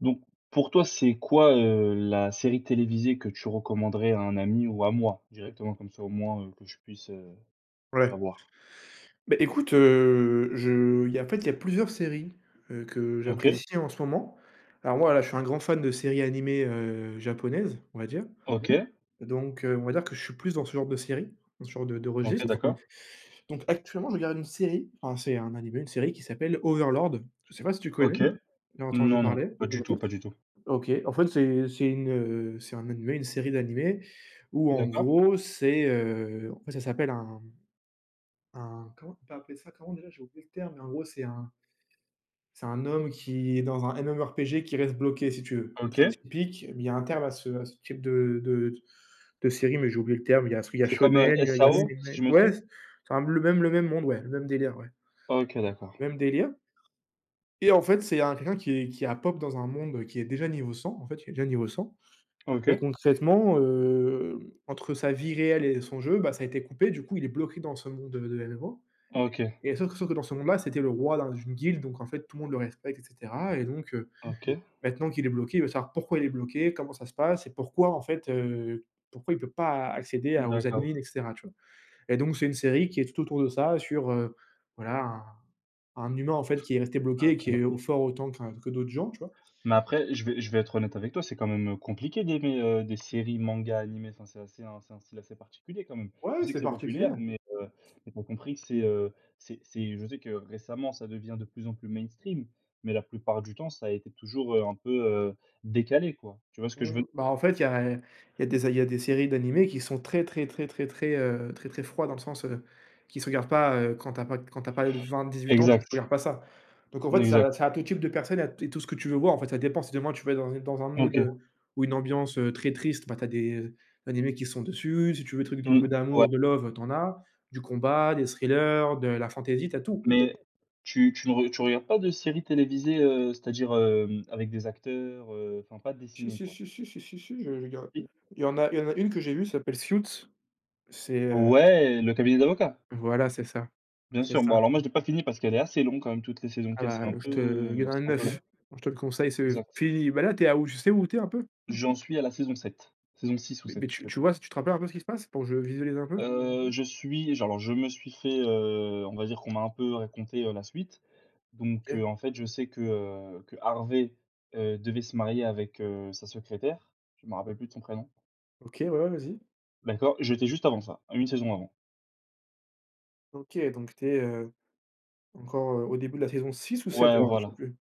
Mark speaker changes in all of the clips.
Speaker 1: Donc pour toi, c'est quoi, heu, la série télévisée que tu recommanderais à un ami ou à moi, directement, comme ça au moins, heu que je puisse, heu,
Speaker 2: Ouais.
Speaker 1: savoir?
Speaker 2: Ben écoute, heu, je il y a en fait il y a plusieurs séries, heu, que
Speaker 1: OK.
Speaker 2: j'apprécie en ce moment. Alors, moi là, je suis un grand fan de séries animées, heu, japonaises, on va dire.
Speaker 1: OK.
Speaker 2: Donc, heu, on va dire que je suis plus dans ce genre de série, dans ce genre de de
Speaker 1: OK,
Speaker 2: registre.
Speaker 1: d'accord.
Speaker 2: Donc actuellement, je regarde une série, enfin, c'est un animé, une série qui s'appelle Overlord. Je sais pas si tu connais?
Speaker 1: OK.
Speaker 2: Il a entendu
Speaker 1: Non, non.
Speaker 2: parler?
Speaker 1: Pas du tout, pas du tout.
Speaker 2: OK. En fait, c'est c'est une, heu, c'est un animé, une série d'animés, où en
Speaker 1: D'accord.
Speaker 2: gros, c'est, heu en fait ça s'appelle un un comment on peut appeler ça, comment déjà? J'ai oublié le terme, mais en gros, c'est un c'est un homme qui est dans un MMO RPG, qui reste bloqué si tu veux. Très
Speaker 1: OK.
Speaker 2: typique. Mais il y a un terme à ce à ce type de de de de série, mais j'ai oublié le terme. Il y a sui il y a
Speaker 1: C'est comme, heu,
Speaker 2: shonen, il y a il y a
Speaker 1: SAO, si
Speaker 2: seinen.
Speaker 1: je me
Speaker 2: Ouais,
Speaker 1: trompe?
Speaker 2: s c'est un le même le même monde ouais, le même délire ouais,
Speaker 1: OK, d'accord.
Speaker 2: même délire, et en fait, c'est il y a quelqu'un qui est qui a pop dans un monde qui est déjà niveau 100 en fait, il est déjà niveau 100, et
Speaker 1: OK.
Speaker 2: concrètement, hem, entre sa vie réelle et son jeu, bah, ça a été coupé. Du coup il est bloqué dans ce monde, heu, de MMO,
Speaker 1: Ah, OK.
Speaker 2: et sauf que sauf que dans ce monde-là, c'était le roi d'un d'une guilde, donc en fait tout le monde le respecte et cetera, et donc, heu,
Speaker 1: OK.
Speaker 2: maintenant qu'il est bloqué, il veut savoir pourquoi il est bloqué, comment ça se passe et pourquoi en fait, heu, pourquoi il peut pas accéder
Speaker 1: Mmh,
Speaker 2: à aux
Speaker 1: d'accord.
Speaker 2: admin et cetera, tu vois? Et donc c'est une série qui est tout autour de ça sur, heu, voilà, un un humain en fait qui est resté
Speaker 1: Ah,
Speaker 2: bloqué et
Speaker 1: OK.
Speaker 2: qui est au fort autant qu'un que d'autres gens, tu vois?
Speaker 1: Mais après, je vais je vais être honnête avec toi, c'est quand même, heu, compliqué d'aimer, heu, des séries mangas animés. Enfin, c'est assez un c'est un style assez particulier quand même. Je
Speaker 2: Ouais,
Speaker 1: sais que
Speaker 2: c'est
Speaker 1: c'est
Speaker 2: particulier.
Speaker 1: populaire, mais, heu, mais, tu as compris que c'est, heu, c'est c'est je sais que récemment, ça devient de plus en plus mainstream, mais la plupart du temps, ça a été toujours, heu, un peu, heu, décalé quoi. Tu vois ce que je veux
Speaker 2: Mmh. Bah en fait il y a il y a des a il y a des séries d'animés qui sont très très très très très, heu, très très froid dans le sens, heu, qui se regardent pas, heu, quand tu as pas quand tu as pas l 20-18 ans, tu tu
Speaker 1: Exact,
Speaker 2: regardes pas ça. Donc en fait ça
Speaker 1: exact.
Speaker 2: ça a tout type de personne et a et tout ce que tu veux voir en fait. Ça dépend, si demain tu vas être dans une dans un mood
Speaker 1: OK.
Speaker 2: heu, ou une ambiance, heu, très triste, bah, tu as des animés qui sont dessus, si tu veux des trucs d'un peu
Speaker 1: Mmh, ouais.
Speaker 2: d'amour, de love, tu en as, du combat, des thrillers, de la fantaisie, tu as tout.
Speaker 1: Mais, tu tu ne re tu regardes pas de séries télévisées, heu, c'est-à-dire, hem, avec des acteurs, heu, enfin pas
Speaker 2: Si
Speaker 1: dessinées
Speaker 2: si
Speaker 1: quoi?
Speaker 2: si si si si si, j'ai j'ai ga
Speaker 1: Si?
Speaker 2: Il y en a il y en a une que j'ai vu, s'appelle «Suits». C'est, heu
Speaker 1: Ouais, le cabinet d'avocats?
Speaker 2: Voilà, c'est ça.
Speaker 1: Bien
Speaker 2: C'est
Speaker 1: sûr. Bon
Speaker 2: ça.
Speaker 1: alors, moi je l'ai pas fini parce qu'elle est assez longue quand même. Toutes les saisons
Speaker 2: Ah
Speaker 1: qu'il y a, c'est un
Speaker 2: bah, je
Speaker 1: peu,
Speaker 2: te il y
Speaker 1: heu,
Speaker 2: en a
Speaker 1: c'est un peu
Speaker 2: 9.
Speaker 1: long.
Speaker 2: Moi je te le conseille, c'est, heu,
Speaker 1: Exact.
Speaker 2: fini. Ben là, tu es à où? Tu sais où tu es un peu?
Speaker 1: J'en suis à la saison 7. Saison 6 ou
Speaker 2: Mais mais,
Speaker 1: 7,
Speaker 2: tu
Speaker 1: je sais
Speaker 2: tu
Speaker 1: plus.
Speaker 2: vois, tu te rappelles un peu ce qui se passe? Pour que je visualise un peu?
Speaker 1: Heu, je suis je alors je me suis fait, heu, on va dire qu'on m'a un peu raconté, heu, la suite. Donc, heu,
Speaker 2: Ké.
Speaker 1: en fait, je sais que, heu, que Harvey, heu, devait se marier avec, heu, sa secrétaire. Je m'en rappelle plus de son prénom.
Speaker 2: OK, ouais, ouais vas-y.
Speaker 1: D'accord, j'étais juste avant ça, à 1 saison avant.
Speaker 2: OK, donc tu es, heu, encore, heu, au début de la saison 6 ou 7,
Speaker 1: Ouais,
Speaker 2: alors? Je sais
Speaker 1: voilà.
Speaker 2: plus.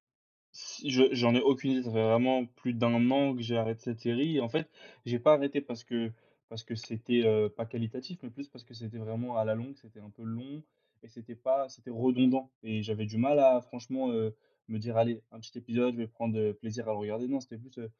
Speaker 1: Si je j'en ai aucune idée. Ça fait vraiment plus d'1 an que j'ai arrêté cette série et en fait, j'ai pas arrêté parce que parce que c'était, heu, pas qualitatif, mais plus parce que c'était vraiment à la longue, c'était un peu long et c'était pas, c'était redondant, et j'avais du mal à franchement, heu, me dire: «Allez un petit épisode, je vais prendre, heu, plaisir à le regarder». Non, c'était plus, heu: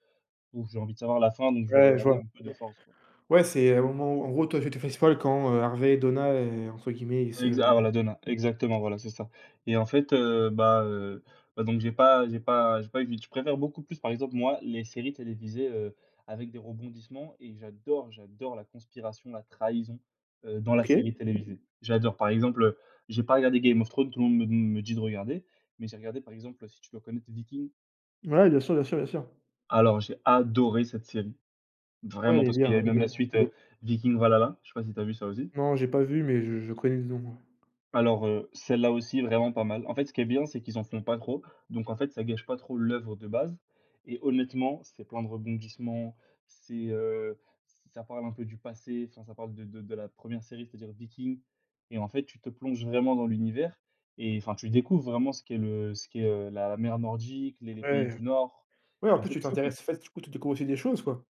Speaker 1: «Bon, j'ai envie de savoir la fin, donc je vais
Speaker 2: Ouais, je
Speaker 1: regarder
Speaker 2: vois.
Speaker 1: un peu de force, quoi».
Speaker 2: Ouais, c'est au moment où, heu... en gros, toi, tu t'es fait spoil quand, heu, Harvey et Donna, heu, entre guillemets, ils se
Speaker 1: Exa ah,
Speaker 2: m
Speaker 1: la Donna, exactement, voilà, c'est ça. Et, en fait, heu bah heu bah, donc, j'ai pas j'ai pas j'ai pas eu je préfère beaucoup plus, par exemple, moi, les séries télévisées, heu, avec des rebondissements. Et j'adore j'adore la conspiration, la trahison, heu, dans la
Speaker 2: OK.
Speaker 1: série télévisée. J'adore, par exemple, heu j'ai pas regardé Game of Thrones. Tout le monde me d me dit de regarder. Mais j'ai regardé, par exemple si tu dois connaître Vikings?
Speaker 2: Ouais, bien sûr bien sûr bien sûr.
Speaker 1: Alors, j'ai adoré cette série.
Speaker 2: Ouais, elle
Speaker 1: Vraiment.
Speaker 2: est
Speaker 1: Parce qu'il y
Speaker 2: bien
Speaker 1: avait
Speaker 2: elle est
Speaker 1: même la
Speaker 2: bien.
Speaker 1: suite, heu, Vikings Valhalla. Je sais pas si tu as vu ça aussi?
Speaker 2: Non, j'ai pas vu, mais je je connais de nom, heu.
Speaker 1: Alors, heu, celle-là aussi est vraiment pas mal. En fait, ce qui est bien, c'est qu'ils en font pas trop. Donc, en fait, ça gâche pas trop l'œuvre de base. Et honnêtement, c'est plein de rebondissements. C'est, heu, ça parle un peu du passé, enfin ça parle de de de la première série, c'est-à-dire Vikings et, en fait, tu te plonges vraiment dans l'univers et enfin, tu découvres vraiment ce qu'est le ce qu'est, heu, la mer nordique, les les pays
Speaker 2: Ouais,
Speaker 1: du Nord.
Speaker 2: ouais. En
Speaker 1: Et en
Speaker 2: plus,
Speaker 1: fait,
Speaker 2: tu
Speaker 1: tu
Speaker 2: t'intéresses en
Speaker 1: comprends...
Speaker 2: fait, du coup, tu découvres aussi des choses, quoi.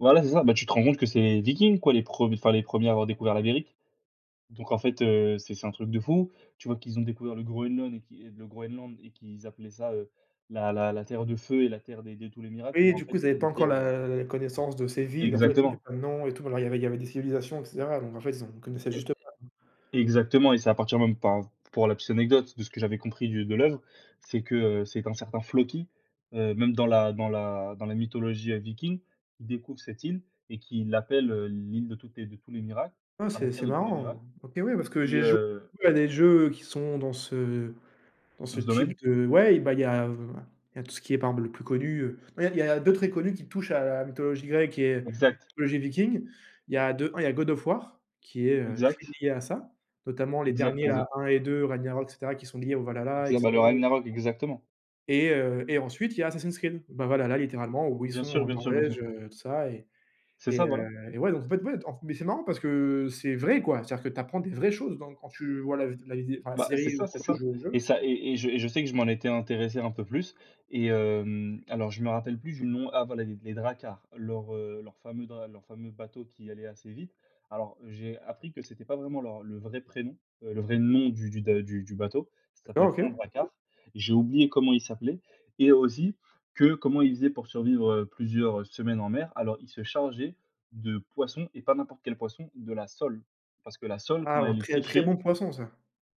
Speaker 1: Voilà, c'est ça, beh, tu te rends compte que c'est les Vikings, quoi, les prem enfin, les 1ers à avoir découvert l'Amérique. Donc en fait, heu, c'est c'est un truc de fou. Tu vois, qu'ils ont découvert le Groenland et qu'ils le Groenland et qu'ils appelaient ça, heu, la la la Terre de feu et la Terre des de tous les miracles
Speaker 2: Oui
Speaker 1: mais,
Speaker 2: et
Speaker 1: en
Speaker 2: du coup,
Speaker 1: fait,
Speaker 2: ils avaient pas
Speaker 1: une
Speaker 2: encore
Speaker 1: terre, heu
Speaker 2: la la connaissance de ces villes, en fait, il y avait
Speaker 1: Exactement.
Speaker 2: pas de noms et tout, alors il y avait il y avait des civilisations et cetera donc en fait, ils ont ils connaissaient
Speaker 1: E
Speaker 2: juste pas, quoi.
Speaker 1: e exactement, et c'est à partir même, enfin, pour la petite anecdote, de ce que j'avais compris du de l'œuvre, c'est que c'est qu'un certain Floki, heu, même dans la dans la dans la mythologie, heu, Viking, qui découvre cette île et qui l'appelle, heu, l'île de toutes les de tous les miracles,
Speaker 2: Ah,
Speaker 1: enfin la
Speaker 2: c'est
Speaker 1: terre
Speaker 2: c'est
Speaker 1: de tous les miracles
Speaker 2: marrant! OK, ouais, parce que
Speaker 1: et
Speaker 2: j'ai jou
Speaker 1: heu
Speaker 2: à des jeux qui sont dans ce dans
Speaker 1: Dans
Speaker 2: ce
Speaker 1: ce
Speaker 2: type
Speaker 1: domaine?
Speaker 2: de ouais, bah il y a il y a tout ce qui est, par exemple, le plus connu, heu ouais, il y a il y a 2 très connus qui touchent à la mythologie grecque et
Speaker 1: Exact.
Speaker 2: mythologie viking, il y a de 1 il y a The God of War qui est, heu, très
Speaker 1: Exact.
Speaker 2: lié à ça, notamment les
Speaker 1: Exact,
Speaker 2: derniers, là,
Speaker 1: exact.
Speaker 2: 1 et 2 Ragnarok et cetera, qui sont liés au Valhalla et
Speaker 1: Exa bah le
Speaker 2: cetera.
Speaker 1: Ragnarok, exactement.
Speaker 2: Et heu et ensuite il y a Assassin's Creed, ben, Valhalla, littéralement où ils
Speaker 1: Bien
Speaker 2: sont
Speaker 1: sûr,
Speaker 2: en
Speaker 1: bien sûr, bien sûr.
Speaker 2: Norvège, heu, tout ça et
Speaker 1: C'est
Speaker 2: et
Speaker 1: ça,
Speaker 2: heu
Speaker 1: voilà.
Speaker 2: et ouais, donc, en fait, ouais mais c'est marrant parce que c'est vrai, quoi. C'est-à-dire que tu apprends des vraies choses, donc quand tu vois la vid la vidéo, enfin, la
Speaker 1: Bah, c'est
Speaker 2: série, ou
Speaker 1: ça, c'est
Speaker 2: quand tu
Speaker 1: ça
Speaker 2: joues au jeu,
Speaker 1: et
Speaker 2: c'est
Speaker 1: ça et et et je et je sais que je m'en étais intéressé un peu plus et hem, alors, je me rappelle plus du nom, ah, voilà, les d les Drakkars, leurs, heu, leurs fameux dr leurs fameux bateaux qui allaient assez vite. Alors, j'ai appris que c'était pas vraiment leurs le vrai prénom, heu, le vrai nom du du de du du bateau, ça s'appelait
Speaker 2: D'accord,
Speaker 1: pas un
Speaker 2: OK.
Speaker 1: Drakkar, j'ai oublié comment il s'appelait et aussi, que, comment ils faisaient pour survivre, heu, plusieurs, heu, semaines en mer. Alors, ils se chargeaient de poisson, et pas n'importe quel poisson, de la sole, parce que la sole
Speaker 2: Ah,
Speaker 1: quand elle est
Speaker 2: très, très
Speaker 1: séchée
Speaker 2: bon poisson, ça.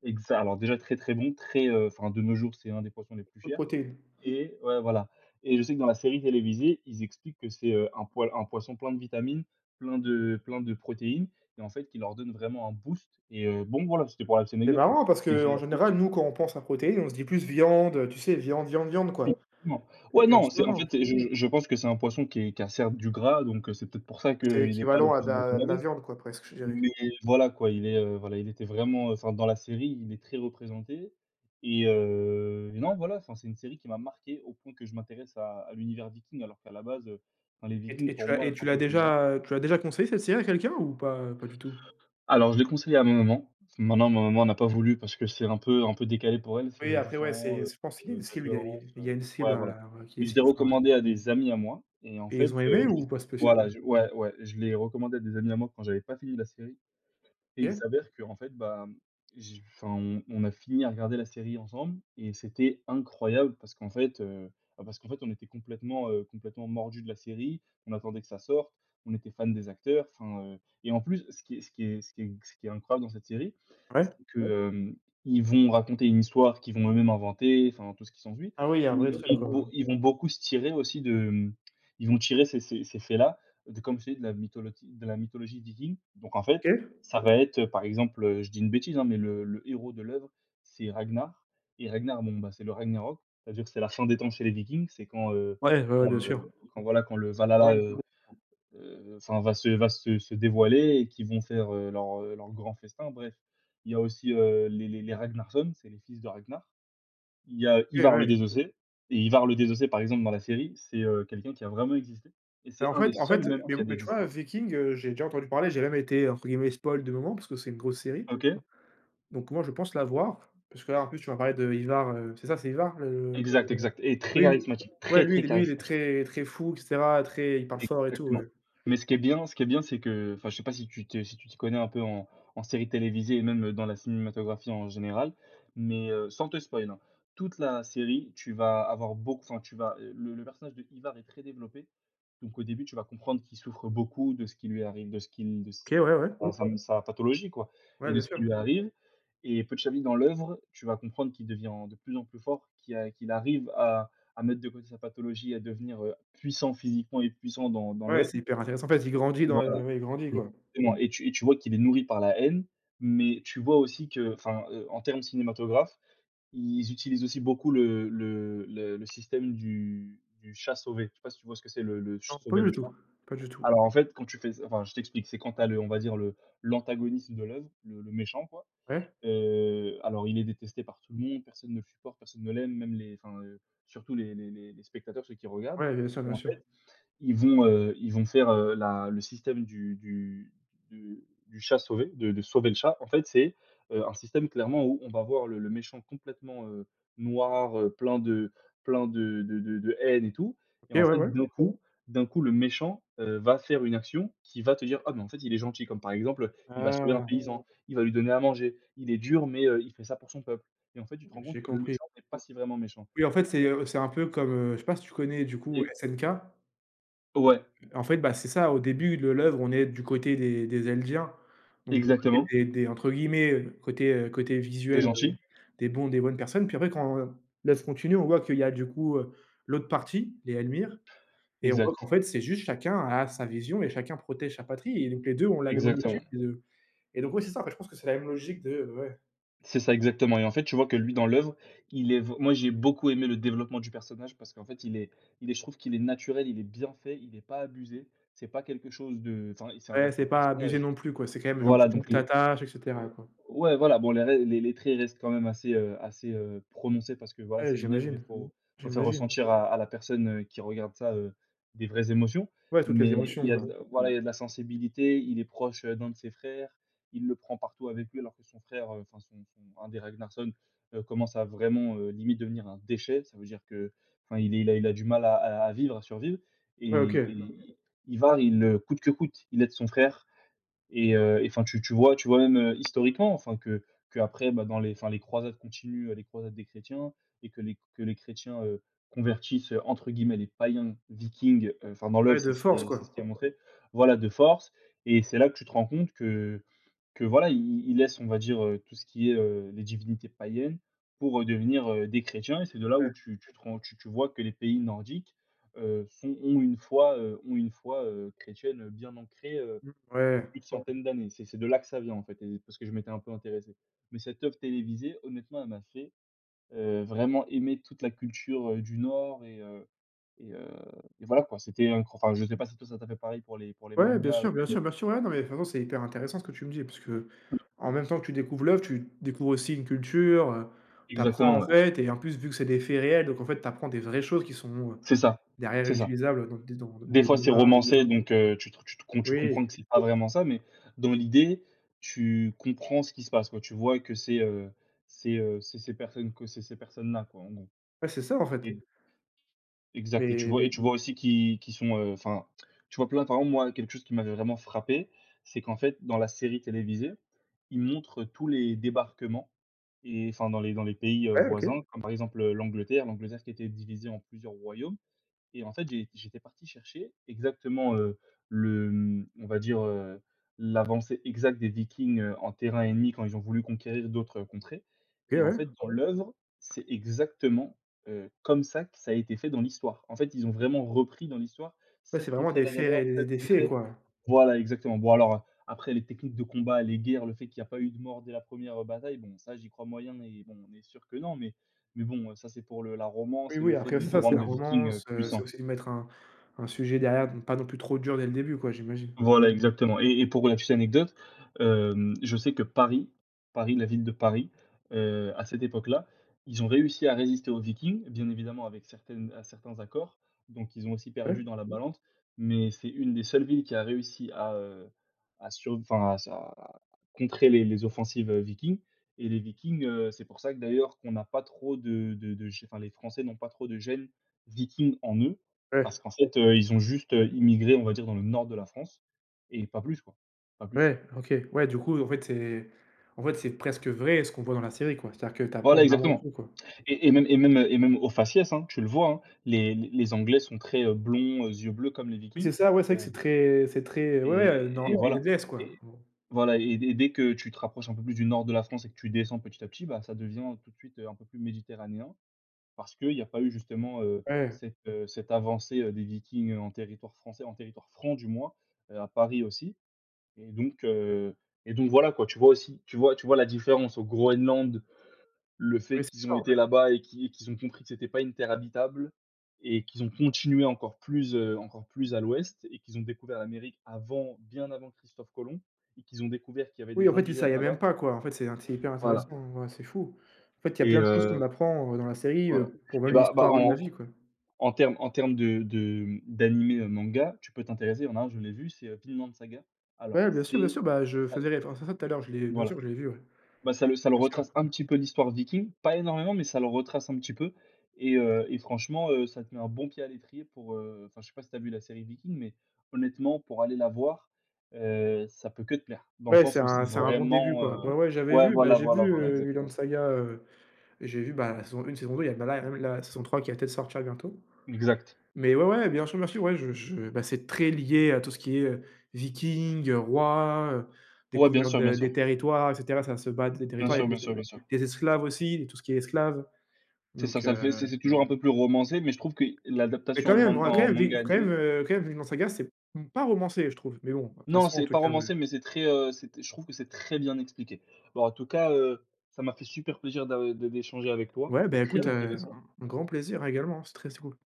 Speaker 1: Exa alors, déjà, très, très bon, très, heu, enfin, de nos jours, c'est 1 des poissons les plus
Speaker 2: Hautes
Speaker 1: chers
Speaker 2: protéines.
Speaker 1: et ouais, voilà. Et je sais que dans la série télévisée, ils expliquent que c'est, heu, un poil un poisson plein de vitamines, plein de plein de protéines et en fait, qui leur donne vraiment un boost et heu, bon, voilà, c'était pour la petite
Speaker 2: C'est
Speaker 1: anecdote, quoi.
Speaker 2: marrant parce
Speaker 1: Mais j'ai
Speaker 2: qu'en
Speaker 1: été
Speaker 2: général, nous, quand on pense à protéines, on se dit plus: «Viande», heu, tu sais, viande, viande, viande, quoi.
Speaker 1: Effectivement. Ouais,
Speaker 2: Et en
Speaker 1: non,
Speaker 2: ce non,
Speaker 1: c'est en fait,
Speaker 2: non.
Speaker 1: c'est je je je pense que c'est un poisson qui est qui a, certes, du gras donc heu, c'est peut-être pour ça
Speaker 2: Ouais, c'est
Speaker 1: qu'il est pas le
Speaker 2: équivalent à de
Speaker 1: plus
Speaker 2: la de la
Speaker 1: recommandé.
Speaker 2: viande, quoi, presque, je
Speaker 1: Mais
Speaker 2: dirais.
Speaker 1: voilà, quoi, il est, heu, voilà, il était vraiment, heu, enfin, dans la série, il est très représenté et heu, et non, voilà, enfin, c'est une série qui m'a marqué au point que je m'intéresse à à l'univers Viking, alors qu'à la base, heu, enfin, les
Speaker 2: Et
Speaker 1: Vikings,
Speaker 2: t tu
Speaker 1: pour
Speaker 2: as
Speaker 1: moi,
Speaker 2: et tu l'as
Speaker 1: [unintelligible]
Speaker 2: déjà, heu, tu l'as déjà conseillée, cette série, à quelqu'un, ou pas pas du tout?
Speaker 1: Alors, je l'ai conseillée à ma maman, maintenant, ma maman n'a pas voulu, parce que c'est un peu un peu décalé pour elle. C'est,
Speaker 2: Oui,
Speaker 1: heu, du
Speaker 2: après, ouais, c'est
Speaker 1: sang, heu,
Speaker 2: s je pense qu'il y a
Speaker 1: heu,
Speaker 2: une
Speaker 1: de la
Speaker 2: cible il y a
Speaker 1: violence,
Speaker 2: il
Speaker 1: heu
Speaker 2: y a une cible
Speaker 1: ouais, voilà.
Speaker 2: alors, heu, qui les
Speaker 1: Mais je l'ai
Speaker 2: cible, enfin, ouais.
Speaker 1: recommandée à des amis à moi et en
Speaker 2: Et
Speaker 1: fait,
Speaker 2: ils ont
Speaker 1: heu
Speaker 2: aimé ou
Speaker 1: [unintelligible]
Speaker 2: pas
Speaker 1: voilà,
Speaker 2: spécialement?
Speaker 1: ouais, ouais, je l'ai recommandée à des amis à moi quand j'avais pas fini la série. Et il
Speaker 2: OK.
Speaker 1: s'avère qu'en fait, bah, j enfin, on on a fini à regarder la série ensemble et c'était incroyable parce qu'en fait, heu bah, parce qu'en fait, on était complètement, heu, complètement mordus de la série, on attendait que ça sorte, on était fans des acteurs, enfin, heu et en plus, ce qui est ce qui est ce qui est ce qui est incroyable dans cette série
Speaker 2: Ouais?
Speaker 1: que, hem, ils vont raconter une histoire qu'ils vont eux-mêmes inventer, enfin, tout ce qui s'ensuit
Speaker 2: Ah oui, il y a un
Speaker 1: mais
Speaker 2: vrai truc,
Speaker 1: ils
Speaker 2: quoi,
Speaker 1: vont
Speaker 2: hein.
Speaker 1: ils vont beaucoup se tirer, aussi, de, mmh, ils vont tirer ces ces ces faits-là de comme je t'ai dis, de la mytholotie de la mythologie Viking donc en fait,
Speaker 2: OK.
Speaker 1: ça va être, heu, par exemple, je dis une bêtise, hein, mais le le héros de l'œuvre, c'est Ragnar et Ragnar, bon, bah, c'est le Ragnarok. C'est-à-dire que c'est la fin des temps chez les Vikings, c'est quand, heu,
Speaker 2: Ouais, ouais, ouais,
Speaker 1: quand,
Speaker 2: bien
Speaker 1: heu,
Speaker 2: sûr.
Speaker 1: quand, voilà, quand le
Speaker 2: Ouais,
Speaker 1: Valhalla est,
Speaker 2: le
Speaker 1: heu,
Speaker 2: [unintelligible]
Speaker 1: heu, enfin, va se va se se dévoiler et qu'ils vont faire, heu, leur, heu, leur grand festin, bref. Il y a aussi, heu, les les les Ragnar sons, c'est les fils de Ragnar. Il y a
Speaker 2: OK
Speaker 1: Ivar le
Speaker 2: ouais!
Speaker 1: désossé et Ivar le désossé, par exemple, dans la série, c'est, heu, quelqu'un qui a vraiment existé et
Speaker 2: Mais
Speaker 1: c'est
Speaker 2: en
Speaker 1: 1 des
Speaker 2: fait en
Speaker 1: seuls,
Speaker 2: fait,
Speaker 1: même,
Speaker 2: mais
Speaker 1: qui a
Speaker 2: mais tu vois, heu,
Speaker 1: existé.
Speaker 2: Viking, heu, j'ai déjà entendu parler, j'ai même été, entre guillemets, «spoil» de moments, parce que c'est une grosse série
Speaker 1: OK.
Speaker 2: donc moi, je pense la voir, parce que là, en plus tu m'as parlé de Ivar, heu, c'est ça, c'est Ivar, le
Speaker 1: Exact, exact et très
Speaker 2: oui,
Speaker 1: charismatique,
Speaker 2: ouais,
Speaker 1: très,
Speaker 2: lui
Speaker 1: très
Speaker 2: lui il est
Speaker 1: charismatique.
Speaker 2: très, très fou et cetera, très, il parle fort et tout,
Speaker 1: Exactement.
Speaker 2: ouais.
Speaker 1: Mais ce qui est bien ce qui est bien, c'est que, enfin, je sais pas si tu te si tu t'y connais un peu en en séries télévisées et même, heu, dans la cinématographie en général, mais heu, sans te spoil, hein, toute la série, tu vas avoir beauc enfin, tu vas, heu, le le personnage de Ivar est très développé. Donc au début, tu vas comprendre qu'il souffre beaucoup de ce qui lui arrive, de ce qu'il de s
Speaker 2: OK, ouais, ouais.
Speaker 1: enfin sa sa pathologie, quoi
Speaker 2: Ouais,
Speaker 1: et de
Speaker 2: bien
Speaker 1: ce qui
Speaker 2: sûr.
Speaker 1: lui arrive. Et petit à petit, dans l'œuvre, tu vas comprendre qu'il devient de plus en plus fort, qu'il a qu'il arrive à à mettre de côté sa pathologie et à devenir, heu, puissant physiquement et puissant dans dans
Speaker 2: Ouais,
Speaker 1: l'œuvre.
Speaker 2: c'est hyper intéressant. En fait, il grandit dans le,
Speaker 1: Voilà,
Speaker 2: heu, il grandit, quoi.
Speaker 1: exactement et tu et tu vois qu'il est nourri par la haine mais tu vois aussi que, enfin, heu, en termes cinématographes, ils utilisent aussi beaucoup le le le le système du du chat sauvé. Je sais pas si tu vois ce que c'est le le
Speaker 2: Non,
Speaker 1: ch
Speaker 2: pas
Speaker 1: sauver le
Speaker 2: du
Speaker 1: chat?
Speaker 2: tout, pas du tout.
Speaker 1: Alors en fait, quand tu fais s enfin, je t'explique, c'est quand tu as le on va dire le l'antagoniste de l'œuvre, le le méchant, quoi,
Speaker 2: Ouais.
Speaker 1: heu, alors, il est détesté par tout le monde, personne ne le supporte, personne ne l'aime, même les enfin, heu, surtout les les les les spectateurs, ceux qui regardent
Speaker 2: Ouais, bien sûr,
Speaker 1: et
Speaker 2: bien
Speaker 1: en
Speaker 2: sûr.
Speaker 1: fait, ils vont, heu, ils vont faire, heu, la le système du du du du chat sauvé, de de sauver le chat, en fait, c'est, heu, un système, clairement, où on va voir le le méchant complètement, heu, noir, heu, plein de plein de de de de haine et tout. Et
Speaker 2: OK,
Speaker 1: en
Speaker 2: ouais,
Speaker 1: fait,
Speaker 2: ouais.
Speaker 1: d'un coup d'un coup, le méchant, heu, va faire une action qui va te dire: «Ah, mais en fait, il est gentil» comme, par exemple, heu, il va sauver un
Speaker 2: Ah!
Speaker 1: paysan, il va lui donner à manger, il est dur mais heu, il fait ça pour son peuple. Et en fait, tu te rends compte
Speaker 2: J'ai
Speaker 1: que le
Speaker 2: compris.
Speaker 1: méchant n'est pas si vraiment méchant.
Speaker 2: Oui, en fait, c'est, heu, c'est un peu comme, heu, je sais pas si tu connais du coup
Speaker 1: Et
Speaker 2: SNK?
Speaker 1: Ouais.
Speaker 2: En fait, bah, c'est ça, au début de l'œuvre, on est du côté des des Eldiens donc du côté
Speaker 1: Exactement.
Speaker 2: des des, entre guillemets, heu, côté, heu, côté
Speaker 1: Des
Speaker 2: visuel, heu,
Speaker 1: gentils.
Speaker 2: «des bons des bonnes personnes», puis après, quand l'œuvre continue, on voit qu'il y a du coup, heu, l'autre partie, les Elmir et on voit qu'en
Speaker 1: Exact.
Speaker 2: fait, c'est juste chacun a sa vision et chacun protège sa patrie et donc les 2 ont la même objectif
Speaker 1: Exactement.
Speaker 2: et de et donc, ouais, c'est ça, je pense que c'est la même logique de ouais.
Speaker 1: C'est ça, exactement, et en fait, tu vois? Que lui, dans l'oeuvre, il est vrai moi j'ai beaucoup aimé le développement du personnage parce qu'en fait, il est il est, je trouve qu'il est naturel, il est bien fait, il est pas abusé. C'est pas quelque chose de, enfin, c'est ça
Speaker 2: Ouais,
Speaker 1: reste un
Speaker 2: c'est pas abusé
Speaker 1: personnage.
Speaker 2: non plus quoi, c'est quand même genre tu
Speaker 1: Voilà donc
Speaker 2: tu
Speaker 1: le
Speaker 2: t'attaches et
Speaker 1: ou
Speaker 2: cetera quoi.
Speaker 1: ouais, voilà, bon la ré les les traits restent quand même assez, heu assez, heu, prononcé parce que voilà,
Speaker 2: Ouais,
Speaker 1: c'est une oeuvre et
Speaker 2: j'imagine,
Speaker 1: faut faut faire
Speaker 2: j'imagine.
Speaker 1: ressentir à à la personne, heu, qui regarde ça, heu, des vraies émotions,
Speaker 2: Ouais, toutes les
Speaker 1: mais
Speaker 2: émotions
Speaker 1: il y a
Speaker 2: quoi.
Speaker 1: de voilà, il y a de la sensibilité, il est proche, heu, d'un de ses frères, il le prend partout avec lui alors que son frère enfin son son un des Ragnarson, heu, commence à vraiment, heu, limite devenir un déchet, ça veut dire que enfin il est il a il a du mal à à vivre, à survivre
Speaker 2: Ouais,
Speaker 1: et
Speaker 2: OK.
Speaker 1: et I Ivar il, heu, coûte que coûte, il aide son frère, et heu, et enfin tu tu vois tu vois? Même, heu, historiquement enfin que que après bah dans les enfin les croisades continuent, heu, les croisades des chrétiens et que les que les chrétiens, heu, convertissent, heu, entre guillemets «les païens vikings,» heu, enfin dans l'oeuvre
Speaker 2: Ouais,
Speaker 1: c'est
Speaker 2: de
Speaker 1: ce
Speaker 2: force
Speaker 1: qui c'est ce qui est
Speaker 2: quoi.
Speaker 1: montré. Voilà de force et c'est là que tu te rends compte que que voilà, ils ils laissent on va dire, heu, tout ce qui est, heu, les divinités païennes pour, heu, devenir, heu, des chrétiens et c'est de là où
Speaker 2: Ouais.
Speaker 1: tu tu te rends tu tu vois? Que les pays nordiques, heu, sont ont une foi, heu, ont une foi, heu, chrétiennes, heu, bien ancrées, heu,
Speaker 2: Mmh.
Speaker 1: de
Speaker 2: Ouais.
Speaker 1: plus de centaines d'années. C'est c'est de là que ça vient en fait et parce que je m'étais un peu intéressé, mais cette oeuvre télévisée, honnêtement, elle m'a fait, heu, vraiment aimer toute la culture, heu, du Nord et heu, et heu, et voilà quoi, c'était un enfin, je sais pas si toi ça t'a fait pareil pour les pour les
Speaker 2: Ouais, bien
Speaker 1: mangas, heu,
Speaker 2: sûr bien
Speaker 1: [unintelligible]
Speaker 2: sûr bien sûr, ouais, non mais façon, c'est hyper intéressant ce que tu me dis, parce que, heu, en même temps que tu découvres l'oeuvre, tu découvres aussi une culture, heu, tu apprends
Speaker 1: Exactement,
Speaker 2: en
Speaker 1: ouais.
Speaker 2: fait et en plus vu que c'est des faits réels, donc en fait tu apprends des vraies choses qui sont, heu,
Speaker 1: C'est ça
Speaker 2: derrière
Speaker 1: c'est ça.
Speaker 2: ré-utilisables dans des dans des dans
Speaker 1: Des
Speaker 2: des
Speaker 1: fois c'est
Speaker 2: débats, tu
Speaker 1: romancé
Speaker 2: vois?
Speaker 1: donc heu, tu te re tu te tu
Speaker 2: Oui.
Speaker 1: comprends que c'est pas vraiment ça, mais dans l'idée, tu comprends ce qui se passe quoi. Tu vois? Que c'est, heu c'est, heu, c'est ces personnes que c'est ces personnes-là quoi, en gros,
Speaker 2: Ouais, c'est ça en fait.
Speaker 1: et Exact et tu
Speaker 2: Mais,
Speaker 1: vois et
Speaker 2: mais.
Speaker 1: tu vois? Aussi qui qui sont, heu, enfin te tu vois? Plein. Par exemple moi quelque chose qui m'avait vraiment frappé, c'est qu'en fait dans la série télévisée, ils montrent, heu, tous les débarquements et enfin dans les dans les pays, heu,
Speaker 2: Ouais, OK.
Speaker 1: voisins comme par exemple, heu, l'Angleterre L'Angleterre qui était divisée en plusieurs royaumes, et en fait j'ai j'étais parti chercher exactement, heu, le, hem, on va dire, heu, l'avancée exacte des Vikings, heu, en terrain ennemi quand ils ont voulu conquérir d'autres contrées,
Speaker 2: Eh
Speaker 1: et en
Speaker 2: ouais.
Speaker 1: fait, dans l'oeuvre, c'est exactement, heu, comme ça que ça a été fait dans l'histoire. En fait, ils ont vraiment repris dans l'histoire,
Speaker 2: Ouais, c'est
Speaker 1: cette
Speaker 2: vraiment
Speaker 1: contrée
Speaker 2: des
Speaker 1: là
Speaker 2: faits
Speaker 1: d'abord,
Speaker 2: ré
Speaker 1: cette
Speaker 2: des faits
Speaker 1: contrée
Speaker 2: quoi.
Speaker 1: voilà exactement. Bon alors, après les techniques de combat, les guerres, le fait qu'il y a pas eu de mort dès la première, heu, bataille, bon ça j'y crois moyen et bon, on est sûr que non, mais mais bon, heu, ça, c'est pour le la
Speaker 2: Oui,
Speaker 1: romance et le
Speaker 2: oui,
Speaker 1: fait
Speaker 2: après
Speaker 1: de
Speaker 2: c'est
Speaker 1: de
Speaker 2: ça, c'est
Speaker 1: rendre
Speaker 2: la
Speaker 1: le Viking, heu,
Speaker 2: romance, heu, c'est
Speaker 1: puissant.
Speaker 2: aussi de mettre un un sujet derrière de ne pas non plus trop dur dès le début quoi, j'imagine.
Speaker 1: Voilà, exactement, et- et pour la petite anecdote, hem, je sais que Paris Paris la ville de Paris, heu, à cette époque-là, ils ont réussi à résister aux Vikings, bien évidemment avec certaines à certains accords, donc ils ont aussi
Speaker 2: Ouais.
Speaker 1: perdu dans la balance, mais c'est une des seules villes qui a réussi à, heu, à sur enfin à sur à contrer les les offensives, heu, Vikings et les Vikings, heu, c'est pour ça que d'ailleurs qu'on n'a pas trop de de de gè enfin les Français n'ont pas trop de gène vikings en eux. Parce
Speaker 2: Ouais.
Speaker 1: qu'en fait, heu, ils ont juste, heu, immigré, on va dire dans le nord de la France et pas plus quoi. Pas plus.
Speaker 2: Ouais, OK, ouais, du coup en fait c'est en fait c'est presque vrai ce qu'on voit dans la série quoi. C'est-à-dire que tu apprends
Speaker 1: Voilà,
Speaker 2: vraiment
Speaker 1: exactement,
Speaker 2: tout quoi.
Speaker 1: et et même et même, heu, et même au faciès hein? Tu le vois hein? Les les Anglais sont très, heu, blonds aux yeux bleus comme les
Speaker 2: Oui,
Speaker 1: Vikings,
Speaker 2: c'est ça, ouais c'est
Speaker 1: et
Speaker 2: vrai que c'est très c'est très, ouais, ouais,
Speaker 1: et et
Speaker 2: non,
Speaker 1: voilà
Speaker 2: [unintelligible] quoi,
Speaker 1: et
Speaker 2: en gros.
Speaker 1: voilà et dès dès que tu te rapproches un peu plus du nord de la France et que tu descends petit à petit bah ça devient tout de suite un peu plus méditerranéen, parce que y a pas eu justement, heu,
Speaker 2: Ouais.
Speaker 1: cette, heu, cette avancée, heu, des Vikings en territoire français, en territoire franc du moins. Heu, à Paris aussi, et donc heu, et donc voilà quoi tu vois? Aussi, tu vois tu vois? La différence au Groenland, le fait
Speaker 2: Oui, c'est
Speaker 1: qu'ils ont
Speaker 2: ça en
Speaker 1: été
Speaker 2: fait.
Speaker 1: là-bas et qu'ils qu'ils ont compris que c'était pas une terre habitable, et qu'ils ont continué encore plus, heu, encore plus à l'ouest et qu'ils ont découvert l'Amérique avant, bien avant Christophe Colomb et qu'ils ont découvert qu'il y avait
Speaker 2: Oui,
Speaker 1: des
Speaker 2: en fait, il
Speaker 1: indigènes
Speaker 2: savait même
Speaker 1: là-bas.
Speaker 2: pas quoi, en fait, c'est inté c'est hyper
Speaker 1: Voilà.
Speaker 2: intéressant, ouais, c'est fou. En fait, il y a
Speaker 1: Et
Speaker 2: plein de choses qu'on
Speaker 1: heu,
Speaker 2: apprend, heu, dans la série,
Speaker 1: voilà,
Speaker 2: heu, pour même
Speaker 1: et bah, bah
Speaker 2: l'histoire de la vie
Speaker 1: en
Speaker 2: quoi.
Speaker 1: en termes en termes de de d'animé manga, tu peux t'intéresser, il y en a un, je l'ai vu, c'est, heu, Vinland Saga. Alors,
Speaker 2: Ouais, bien sûr bien
Speaker 1: c'est
Speaker 2: sûr. Bah je
Speaker 1: [unintelligible]
Speaker 2: faisais référence à ça tout à l'heure, je l'ai, bien
Speaker 1: Voilà.
Speaker 2: sûr, je l'ai vu ouais.
Speaker 1: Bah ça le ça le
Speaker 2: Bien sûr.
Speaker 1: retrace un petit peu l'histoire Viking, pas énormément, mais ça le retrace un petit peu, et heu, et franchement, heu, ça te met un bon pied à l'étrier pour, heu enfin je sais pas si tu as vu la série Viking, mais honnêtement pour aller la voir, heu, ça ne peut que te plaire. Dans le
Speaker 2: Ouais, c'est
Speaker 1: sens où
Speaker 2: un
Speaker 1: c'est
Speaker 2: c'est un bon début
Speaker 1: vraiment, heu,
Speaker 2: quoi. Ouais, ouais, j'avais
Speaker 1: ouais
Speaker 2: vu, bah
Speaker 1: voilà
Speaker 2: j'ai vu,
Speaker 1: voilà voilà,
Speaker 2: heu, Vinland
Speaker 1: exactement.
Speaker 2: Saga, heu, j'ai vu ben saison une, saison deux, y là bah là il y a la saison trois qui va peut-être sortir bientôt,
Speaker 1: Exact.
Speaker 2: mais ouais, ouais, bien sûr bien sûr, ouais je je ben c'est très lié à tout ce qui est, heu, viking, heu, roi, heu,
Speaker 1: Ouais, bien
Speaker 2: découverte
Speaker 1: sûr, bien sûr.
Speaker 2: des territoires et cetera, ça se battre des
Speaker 1: Bien
Speaker 2: territoires, il y
Speaker 1: sûr,
Speaker 2: a
Speaker 1: bien sûr,
Speaker 2: il
Speaker 1: bien sûr.
Speaker 2: y a des esclaves aussi, il y a tout ce qui est esclave,
Speaker 1: C'est ça,
Speaker 2: donc
Speaker 1: ça le fait, c'est
Speaker 2: heu
Speaker 1: c'est c'est toujours un peu plus romancé, mais je trouve que y
Speaker 2: Mais
Speaker 1: l'adaptation
Speaker 2: quand
Speaker 1: en
Speaker 2: même
Speaker 1: man
Speaker 2: vra quand
Speaker 1: en
Speaker 2: même, vin
Speaker 1: manga
Speaker 2: quand même,
Speaker 1: animé.
Speaker 2: heu, quand même Vinland Saga c'est m pas romancé je trouve, mais bon, de toute
Speaker 1: Non,
Speaker 2: façon en
Speaker 1: c'est
Speaker 2: tout
Speaker 1: pas
Speaker 2: cas, ouais.
Speaker 1: romancé, mais c'est très, heu, c'était, je trouve que c'est très bien expliqué. Bah en tout cas, heu, ça m'a fait super plaisir d'a de d'échanger avec toi.
Speaker 2: Ouais
Speaker 1: C'était
Speaker 2: ben écoute,
Speaker 1: très
Speaker 2: heu,
Speaker 1: intéressant.
Speaker 2: un un grand plaisir hein également, c'est très, très cool.